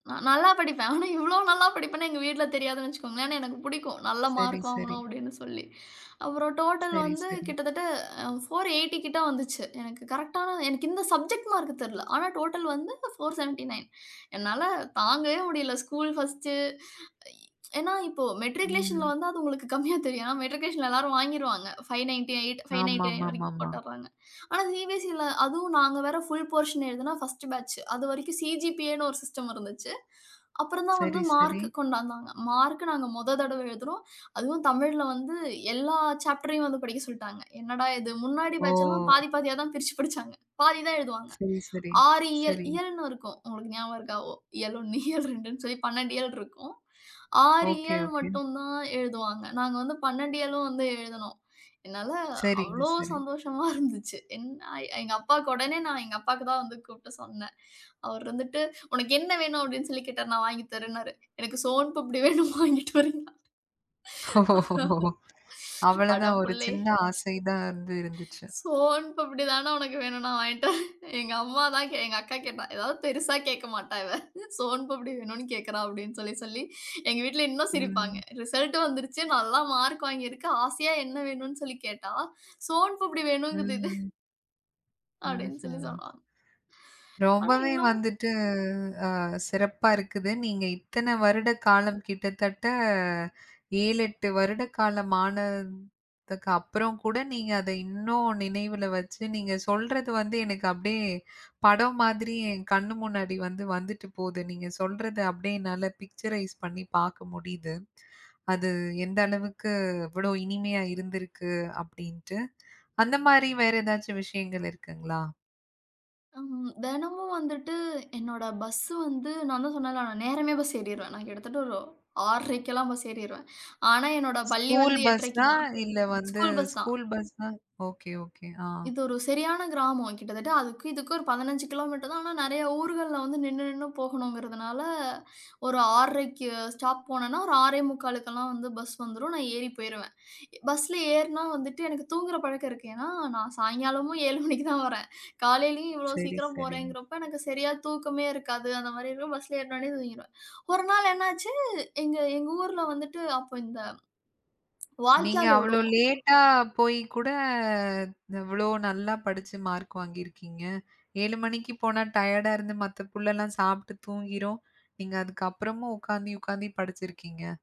நான் நல்லா படிப்பேன். ஆனா இவ்ளோ நல்லா படிப்பேன்னு எங்க வீட்ல தெரியாதுன்னு வச்சுக்கோங்களேன். ஆனா எனக்கு பிடிக்கும். நல்ல சரி, மார்க் சரி. வாங்கணும் அப்டின்னு சொல்லி. அப்பறம் டோட்டல் சரி வந்து சரி. கிட்டத்தட்ட 480 கிட்ட வந்துச்சு. எனக்கு கரெக்ட்டான எனக்கு இந்த சப்ஜெக்ட் மார்க் தெரியல. ஆனா டோட்டல் வந்து 479 என்னால தாங்கவே முடியல. School first. ஏன்னா இப்போ மெட்ரிகுலேஷன்ல ம். வந்து அது உங்களுக்கு கம்மியாத் தெரியும். ஏன்னா மெட்ரிகுலேஷன்ல எல்லாரும் வாங்கிருவாங்க. 598, 599 வரைக்கும் ஆமாமாமாமா. போட்டுறாங்க. ஆனா சி-பி-எஸ்-சீல அதுவும் நாங்க வேற ஃபுல் போஷன் எழுதுனோம் ஃபர்ஸ்ட் பேட்ச் அது வரைக்கும் சி-ஜி-பி-ஏன்னு ஒரு சிஸ்டம் இருந்துச்சு. அப்றம் தான் வந்து சரி, சரி. மார்க் கொண்டு வந்தாங்க. மார்க் நாங்க மொத தடவ எழுதுறோம். அதுவும் தமிழ்ல வந்து எல்லா சாப்டரயும் வந்து படிக்க சொல்லிட்டாங்க. என்னடா இது முன்னாடி ஓ! பேட்ச்லாம் பாதி பாதியா தான் பிரிச்சு பிடிச்சாங்க. பாதி தான் எழுதுவாங்க. சரி, சரி, ஆறு இயல், சரி. இயல்ன்னு இருக்கும். உங்களுக்கு ஞாபகம் இருக்கா? ஓ இயல் 1, இயல் 2ன்னு சொல்லி 12 இயல் இருக்கும். 6 ஓகே, இயல் ஓகே. மட்டும் தான் எழுதுவாங்க. நாங்க வந்து 12 இயலும் வந்து எழுதுனோம். என்னால சரிங்க, அவ்ளோ சரி. சந்தோஷமா இருந்துச்சு. எங்க அப்பாவுக்கு உடனே நான் எங்க அப்பாவுக்கு தான் வந்து கூப்புட்டு சொன்னேன். அவர் வந்துட்டு "உனக்கு என்ன வேணும் அப்டின்னு?" சொல்லி கேட்டார். "நான் வாங்கி தரேனாரு." "எனக்கு சோன் பப்டி வேணும்." "வாங்கிட்டு வரேன்னாரு". ஓ! அட அவ்வளதான் ஒரு புள்ளே! சின்ன ஆசை தான் வந்து இருந்துச்சு. சோன் பப்டி தான உனக்கு வேணும் நான் வாங்கிட்டு வறேன். எங்க அம்மா தான் எங்க அக்கா கேட்டா. ஏதாவது பெரிசா கேட்க மாட்டா இவ. சோன் பப்டி வேணும்னு கேட்குறா அப்டின்னு சொல்லி சொல்லி எங்க வீட்ல இன்னும் சிரிப்பாங்க. ம். ரிசல்ட் வந்துடுச்சு. நல்ல மார்க் வாங்கி இருக்க. ஆசையா என்ன வேணும்னு சொல்லி கேட்டா சோன் பப்டி வேணும்ங்குது இது. ம். அப்டின்னு சொல்லி ம்ஹ்ம். சொல்வாங்க. ஆனா ரொம்பவே இன்னும், வந்துட்டு அ சிறப்பா இருக்குது. நீங்க இத்தன வருட காலம் கிட்டத்தட்ட 7, 8 வருட காலம் ஆன துக்கு அப்பறம் கூட நீங்க அத இன்னும் நினைவுல வச்சு, நீங்க சொல்றது வந்து எனக்கு அப்டியே படம் மாதிரி என் கண்ணு முன்னாடி வந்து வந்துட்டு போது. நீங்க சொல்றத அப்டியே என்னால பிக்சரைஸ் பண்ணி பாக்க முடியுது. அது எந்த அளவுக்கு இவ்ளோ இனிமையா இருந்திருக்கு அப்டின்ட்டு அந்த மாரி வேற எதாச்சும் விஷயங்கள் இருக்குங்களா? ஆமா, தினமும் வந்துட்டு என்னோட பஸ் வந்து நான் தான் சொன்னேன்ல நான் நேரமே பஸ் ஏறிருவேன். நான் கிட்டத்தட்ட ஒரு 6:30க்குலாம் பஸ் ஏறிருவேன். ஆனா என்னோட பள்ளி ஸ்கூல் வந்து பஸ் 8:30க்கு தான். தான். இல்ல வந்து ஸ்கூல் பஸ் தான். ஸ்கூல் பஸ் தான் ஓகே, ஓகே ஆ. இது ஒரு சரியான கிராமம். கிட்டத்தட்ட அதுக்கும் இதுக்கும் ஒரு 15 கிலோமீட்டர் தான். ஆனா நிறையா ஊர்கள்ல வந்து நின்னு நின்னு போகணுங்கிறதுனால, ஒரு 6:30க்கு ஸ்டாப் போனேனா ஒரு 6:45 கெல்லாம் வந்து பஸ் வந்துரும் நான் ஏறி போய்ருவேன். பஸ்ல ஏறினா வந்துட்டு எனக்கு தூங்குற பழக்கம் இருக்கு. ஏன்னா நான் சாயங்காலமும் 7:00 மணிக்கு தான் வரேன். காலையிலேயும் இவ்ளோ சரி, சீக்கிரம் சரி. போறேங்கறப்போ, எனக்கு சரியா தூக்கமே இருக்காது. அந்த மாரி இருக்கும் பஸ்ல ஏறுனோனே தூங்கிடுவேன். ஒரு நாள் என்னாச்சு, எங்க எங்க ஊர்ல வந்துட்டு அப்போ இந்த நீங்க வாய்க்கால் அவ்ளோ ஓடும். லேட்டா போயி கூட இது இவ்ளோ நல்லா படிச்சு மார்க் வாங்கியிருக்கீங்க. 7:00 மணிக்கு போனா டயர்டா இருந்து மத்த புள்ளலாம் சாப்ட்டு தூங்கிரும். நீங்க அதுக்கு அப்பறமும் உட்காந்தி உட்காந்து படிச்சிருக்கீங்க.